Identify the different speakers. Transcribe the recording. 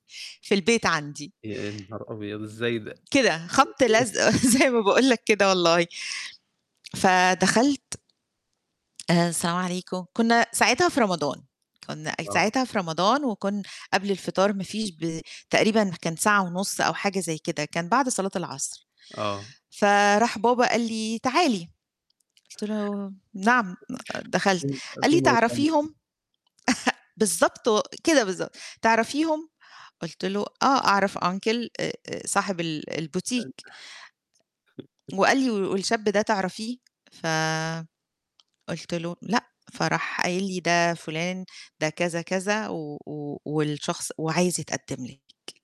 Speaker 1: في البيت عندي.
Speaker 2: يا نهار أبيض إزاي ده؟
Speaker 1: كده خبط لزق زي ما باقول لك كده والله. فدخلت آآ السلام عليكم كنا ساعتها في رمضان، كنا
Speaker 2: آه.
Speaker 1: ساعتها في رمضان، وكنا قبل الفطار ما فيش ب تقريبًا كان ساعة ونص أو حاجة زي كده كان بعد صلاة العصر.
Speaker 2: آه.
Speaker 1: فراح بابا قال لي: "تعالي" قلت له: "نعم" دخلت قال لي:
Speaker 2: [unintelligible]
Speaker 1: "تعرفيهم؟" بالضبط و كده بالضبط تعرفيهم؟ قلت له آه أعرف uncle أ أ صاحب ال
Speaker 2: حلو.
Speaker 1: البوتيك وقال لي: "والشاب ده تعرفيه؟" ف قلت له: "لأ" فراح قايل لي ده فلان ده كذا كذا، و و والشخص وعايزة يتقدم لكِ.